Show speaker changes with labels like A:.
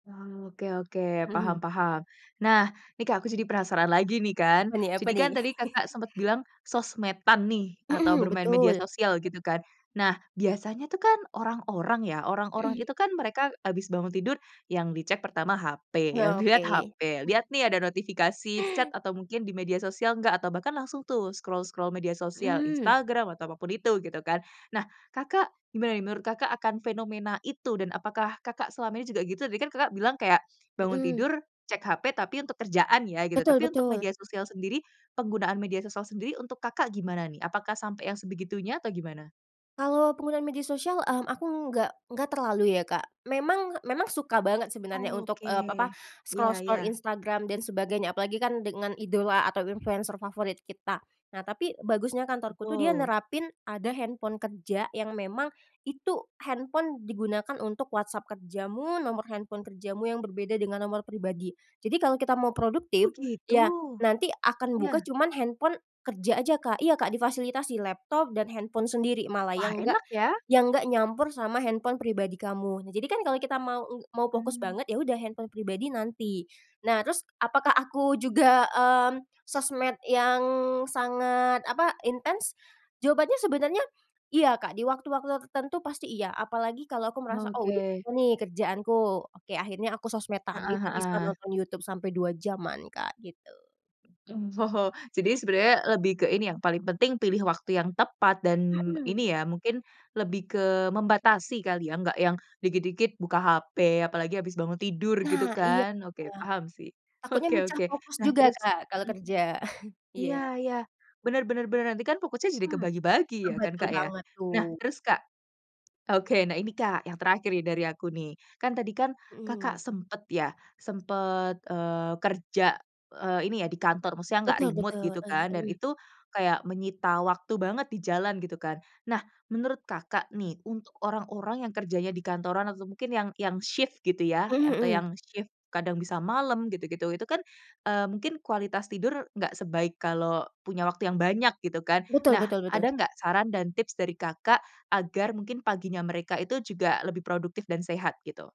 A: Oh, oke oke.
B: Mhm.
A: Paham paham. Nah, nih Kak aku jadi penasaran lagi nih, kan.
B: Apa nih apa
A: Jadi
B: nih?
A: kan tadi Kakak sempet bilang sosmed-an nih atau
B: Mhm,
A: bermain media
B: betul.
A: sosial gitu kan. Nah biasanya tuh kan orang-orang ya, orang-orang
B: Mhm.
A: itu kan mereka habis bangun tidur yang dicek pertama HP,
B: Oh,
A: yang dilihat
B: oke.
A: HP, lihat nih ada notifikasi chat atau mungkin di media sosial enggak, atau bahkan langsung tuh scroll-scroll media sosial
B: Mhm.
A: Instagram atau apapun itu, gitu kan. Nah, Kakak, gimana nih menurut Kakak akan fenomena itu, dan apakah Kakak selama ini juga gitu? Tadi kan Kakak bilang kayak, bangun
B: Mhm.
A: tidur cek HP tapi untuk kerjaan ya gitu,
B: Betul
A: tapi untuk
B: betul.
A: media sosial sendiri, penggunaan media sosial sendiri untuk Kakak gimana nih? Apakah sampai yang sebegitunya atau gimana?
B: Kalau penggunaan media sosial, mmm, aku nggak nggak terlalu ya, Kak. Memang memang suka banget sebenarnya untuk
A: Oke.
B: ep apa,
A: Iya iya.
B: scroll-scroll Instagram dan sebagainya. Apalagi kan dengan idola atau influencer favorit kita. Nah, tapi bagusnya kantorku tuh dia
A: Betul.
B: nerapin ada handphone kerja yang memang itu handphone digunakan untuk WhatsApp kerjamu, nomor handphone kerjamu yang berbeda dengan nomor pribadi. Jadi kalau kita mau
A: Oh,
B: produktif,
A: gitu?
B: ya nanti akan buka
A: Iya.
B: cuman handphone kerja aja Kak iya, Kak, difasilitasi laptop dan handphone sendiri malah
A: Wah,
B: yang nggak
A: enak ya.
B: yang nggak nyampur sama handphone pribadi kamu. Nah jadi kan kalau kita mau eng mau fokus
A: Mmm.
B: banget, ya udah handphone pribadi nanti. Nah, terus apakah aku juga, mmm, sosmed yang sangat, apa, intens? Jawabannya sebenarnya, iya Kak, di waktu-waktu ter tertentu pasti iya, apalagi kalau aku merasa, "Oh, udah
A: Oke.
B: selesai nih kerjaanku." Oke, akhirnya aku sosmed-an,
A: Heeh
B: itu bisa
A: heeh.
B: nonton YouTube sampai 2 jam-an Kak, gitu.
A: Hmm, jadi sebenarnya lebih ke ini yang paling penting pilih waktu yang tepat, dan
B: Mhm.
A: ini ya mungkin lebih ke membatasi kali ya, enggak yang dikit-dikit buka HP apalagi habis bangun tidur gitu
B: Nah, iya
A: kan, oke,
B: iya,
A: paham sih.
B: takutnya
A: Oke
B: mecah
A: oke,
B: fokus
A: nah
B: juga
A: terus
B: Kak, kalau
A: mhm,
B: kerja. Iya.
A: iya iya, bener bener bener, nanti kan fokusnya jadi
B: Hmm,
A: kebagi-bagi
B: itu
A: ya kan,
B: betul
A: Kak, ya?
B: banget tuh.
A: Nah terus Kak oke, nah ini Kak yang terakhir ini dari aku, nih. Kan tadi kan Kakak
B: Mhm.
A: sempet ya sempet, eee, kerja, eee, ini ya di kantor, maksudnya nggak
B: Betul
A: remote
B: betul.
A: gitu
B: Eih
A: kan, dan
B: mhm.
A: itu kayak menyita waktu banget di jalan, gitu kan. Nah, menurut Kakak nih, untuk orang-orang yang kerjanya di kantoran atau mungkin yang yang shift gitu ya,
B: Mhm
A: atau
B: mhm.
A: yang shift kadang bisa malam gitu-gitu. Itu kan, eee, mungkin kualitas tidur nggak sebaik kalau punya waktu yang banyak, gitu kan.
B: Betul
A: Nah,
B: betul
A: ada
B: betul.
A: nggak saran dan tips dari Kakak agar mungkin paginya mereka itu juga lebih produktif dan sehat, gitu?